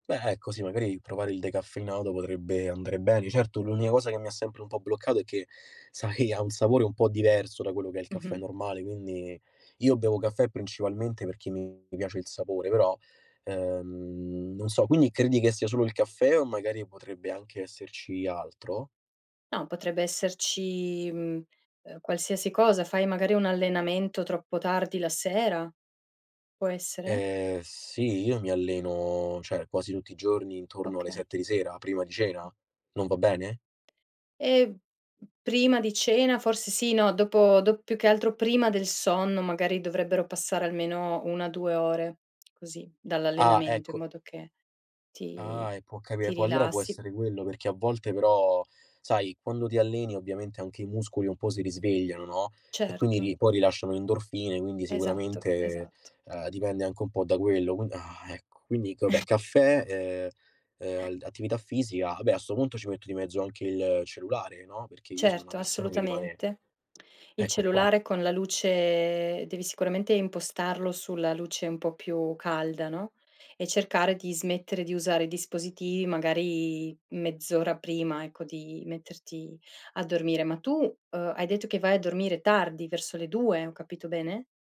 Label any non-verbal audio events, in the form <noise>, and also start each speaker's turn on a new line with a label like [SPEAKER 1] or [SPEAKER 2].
[SPEAKER 1] Beh, ecco sì magari provare il decaffeinato potrebbe andare bene. Certo l'unica cosa che mi ha sempre un po' bloccato è che sai che ha un sapore un po' diverso da quello che è il caffè
[SPEAKER 2] Mh-mh.
[SPEAKER 1] normale, quindi, io bevo caffè principalmente perché mi mi piace il sapore, però, ehm, non so. Quindi credi che sia solo il caffè o magari potrebbe anche esserci altro?
[SPEAKER 2] No, potrebbe esserci, mhmm, ehm, qualsiasi cosa. Fai magari un allenamento troppo tardi la sera, può essere?
[SPEAKER 1] Ehm, sì, io mi alleno cioè quasi tutti i giorni intorno alle
[SPEAKER 2] Okay.
[SPEAKER 1] 7 di sera, prima di cena,
[SPEAKER 2] Mh.
[SPEAKER 1] non va bene?
[SPEAKER 2] Ehm, p prima di cena forse sì, no, dopo do più che altro prima del sonno magari dovrebbero passare almeno 1, 2 ore così
[SPEAKER 1] Ah,
[SPEAKER 2] dall'allenamento in
[SPEAKER 1] ecco.
[SPEAKER 2] modo che ti
[SPEAKER 1] Ah, e può capi
[SPEAKER 2] ti
[SPEAKER 1] Può allora può
[SPEAKER 2] rilassi.
[SPEAKER 1] essere quello, perché a volte però sai quando ti alleni ovviamente anche i muscoli un po' si risvegliano, no, e quindi
[SPEAKER 2] Certo.
[SPEAKER 1] ri poi rilasciano endorfine, quindi
[SPEAKER 2] Esatto,
[SPEAKER 1] sicuramente,
[SPEAKER 2] esatto.
[SPEAKER 1] ehm, dipende anche un po' da quello qui ah, ecco. Quindi vabbè
[SPEAKER 2] <chuckles>
[SPEAKER 1] caffè, ehm, ehm, attività fisica, vabbè a sto punto ci metto di mezzo anche il cellulare, no. perché io sono una
[SPEAKER 2] Certo,
[SPEAKER 1] persona che rimane
[SPEAKER 2] assolutamente. Il
[SPEAKER 1] Ecco qua.
[SPEAKER 2] cellulare con la luce devi sicuramente impostarlo sulla luce un po' più calda, no, e cercare di smettere di usare i dispositivi magari mezz'ora prima, ecco, di metterti a dormire. Ma tu, ehm, hai detto che vai a dormire tardi, verso le 2, ho capito bene?